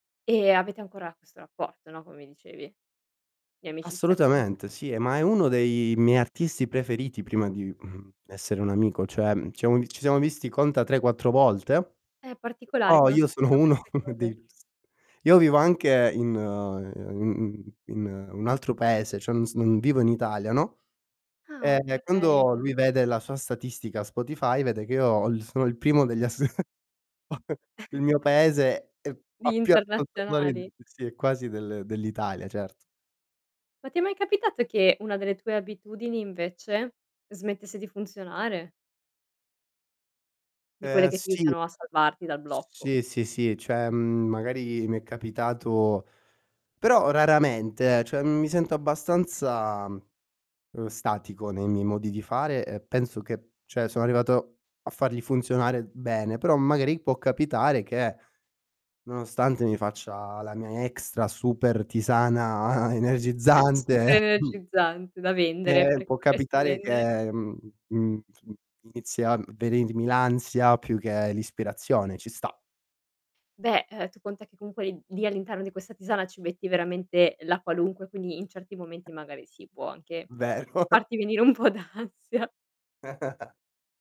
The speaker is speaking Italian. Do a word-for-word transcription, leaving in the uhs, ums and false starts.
E avete ancora questo rapporto, no, come mi dicevi, di amicizia comunque Assolutamente, sì e ma è uno dei miei artisti preferiti prima di, mhmm, essere un amico, cioè ci siamo vi ci siamo visti conta tre quattro volte, Eh, particolare però quando io sono succedono uno queste dei cose. s io vivo anche in in in in un altro paese, cioè non s non vivo in Italia, no, Ah, e quando okay. lui vede la sua statistica Spotify vede che io ho sono il primo degli as il mio paese è fa Di più ascoltatori di internazionali. di sì quasi del dell'Italia, certo. Ma ti è mai capitato che una delle tue abitudini invece, smettesse di funzionare? Di quelle Ehm che ti sì. aiutano a salvarti dal S blocco. sì, sì, sì, ceh, magari mi è capitato, però raramente, ehm, ceh mi sento abbastanza, uhm, statico nei miei modi di fare e penso che ceh sono arrivato a farli funzionare bene, però magari può capitare che, nonostante mi faccia la mia extra super tisana Super energizzante energizzante da vendere, ehm, perché, può potresti capitare vendere? che, mhmm, mhmm, inizi a venirmi l'ansia più che l'ispirazione, ci sta. Beh, ehm, tu conta che comunque l lì all'interno di questa tisana, ci metti veramente la qualunque, quindi in certi momenti magari sì, può anche Vero. farti venire un po' d'ansia.